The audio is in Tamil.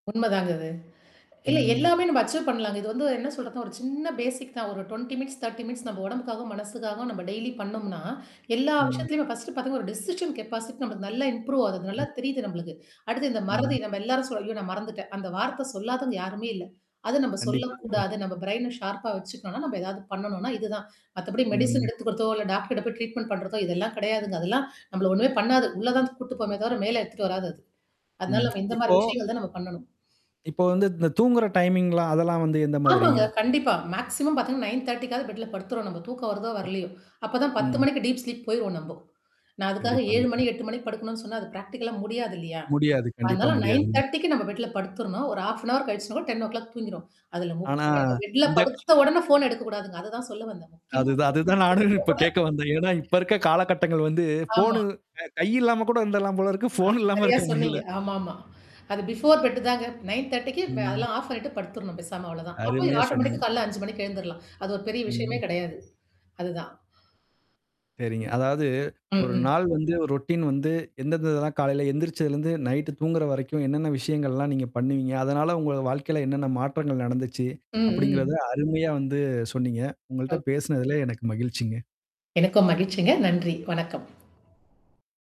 உண்மதாங்க அது. இல்ல ம். எல்லாமே நம்ம அக்சப் பண்ணலாங்க. இது வந்து என்ன சொல்றது ஒரு சின்ன பேசிக் தான். ஒரு 20, 30 நம்ம உடம்புக்காகவும், மனசுக்காகவும் நம்ம டெய்லி பண்ணோம்னா, எல்லா ம். விஷயத்தலயுமே ஃபர்ஸ்ட் பார்த்தீங்கானா ஒரு டெசிஷன் கெப்பாசிட்டி நம்மக்கு நல்லா இம்ப்ரூவ் ஆகுது. நல்லா [unintelligible] தெரியுது நம்மளுக்கு. அடுத்து இந்த மறதி ம். நம்ம எல்லாரும் சொல்ல ஐயோ நான் மறந்துட்டேன். அந்த வார்த்த சொல்லாதவங்க யாருமே இல்ல. அது நம்ம கண்டிப்பாங்க. சொல்லக்கூடாது. நம்ம பிரைன ஷார்பா வச்சுக்கணோம்னா நம்ம எதாவது பண்ணணும்னா இதுதான். மத்தபடி மெடிசின் ம். எடுத்துக்கிறதோ, இல்ல டாக்டர்ட்ட போய் ட்ரீட்மெண்ட் பண்றதோ, இதெல்லாம் கிடையாதுங்க. அதெல்லாம் நம்மள ஒண்ணுமே பண்ணாது. உள்ள தான் கூட்டுட்டு போகுமே தவிர மேல எடுத்துட்டு வராது அது. அதனால ம். நம்ம இந்த மாரி இப்போ விஷயங்கள் தான் நம்ம பண்ணணும். இப்போ வந்து இந்த தூங்குற டைமிங்லாம் அதெல்லாம் வந்து எந்த மாதிரிங்க? ஆமாங்க. கண்டிப்பா. மேக்ஸிமம் பார்த்தீங்கன்னா 9.30 க்காவது பெட்ல படுத்துறணும் நம்ம தூக்கம் வருதோ ம். வரலையோ! அப்ப தான் 10 ம். மணிக்கு டீப் ஸ்லிப் போயிருவோம் நம்போ. நான் அதுக்காக 7 கண்டிப்பாங்க. மணி, 8 மணிக்கு படுக்கணும்னு சொன்னா, அது பிராக்டிகலா முடியாது இல்லையா? முடியாது. கண்டிப்பா அதனால நைன் முடியாதுங். தர்டி க்கு நம்ம பெட்ல படுத்துறணும். ஒரு 1/2 கழிச்சு, 10 ஓ கிளாக் தூங்கிருவோம். அதுல ஆனா, முக்கியமா நம்ம பெட்ல இந்தட் படுத்த உடனே ஃபோன் எடுக்கக்கூடாதுங்க. அததான் சொல்ல வந்தேன். முக்கியமா ஃபோன் அதுதான் அதுதான் நானு இப்ப கேட்க வந்தேன். ஏன்னா இப்ப எடுக்கக்கூடாது. இருக்க காலகட்டங்கள் வந்து ஆமா. ஃபோனு அ க கை இல்லாம கூட இருந்துறலாம் போல இருக்கு. ஆ ஃபோன் இல்லாம சரியா இருக்க சொன்னீங்க. முடியல. ஆமாமா. அது பிஃபோர் பெட் தாங்க. 9.30 க்கு ம் அதெல்லாம் ஆஃப் ஆண்ணிட்டு படுத்துரணும். பேசாம அவ்வளோ தான். அப்ப அருமையா சொன்னீங்க. ஆட்டோமேட்டிக் காலையில 5 மணிக்கு எழுந்துடலாம். அது ஒரு பெரிய விஷயமே ம். கிடையாது. அதுதான். சரிங்க. அதாவது ம், ஒரு ம். நாள் வந்து ரொட்டீன் வந்து எந்தெந்ததெல்லாம் காலையில எந்திரிச்சதுலருந்து, நைட்டு தூங்குற வரைக்கும் என்னென்ன விஷயங்கள்லாம் நீங்க பண்ணுவீங்க? அதனால உங்க வாழ்க்கையில என்னென்ன மாற்றங்கள் நடந்துச்சு? ம், அப்படிங்கிறத ம். அருமையா வந்து சொன்னீங்க. உங்கள்ட்ட ஓகே. பேசினதுல எனக்கு மகிழ்ச்சிங்க. எனக்கும் மகிழ்ச்சிங்க. நன்றி. வணக்கம்.